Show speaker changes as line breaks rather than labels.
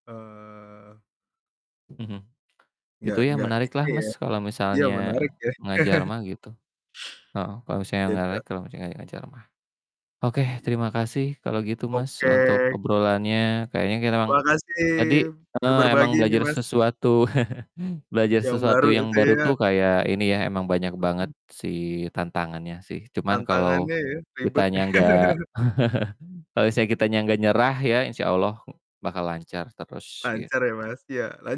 Eee
Mhm. Gitu
Nggak
ya
nggak
menarik lah
ini ya
Mas kalo
iya,
misalnya,
menarik ya.
ngajar mah gitu, heeh. Kalo misalnya nggak
Beda.
layak kalo lagi ngajar mah. Oke,
Iya.
terima kasih kalo gitu Mas untuk
Oke.
obrolannya, kayaknya kita emang
Makasih,
tadi,
udah
eee,
berbagi
emang
ini
belajar
Mas.
sesuatu. Belajar
Yang
sesuatu
baru
yang
itu
baru
ya.
tuh kayak ini ya, emang banyak banget
Mhm.
si tantangannya, sih. Cuman kalau
Tantangannya ya, ribet.
kitanya nggak kalo misalnya kita nggak nyerah, ya insyaallah, bakal lancar terus,
Lancar
gitu.
ya Mas. Iya, la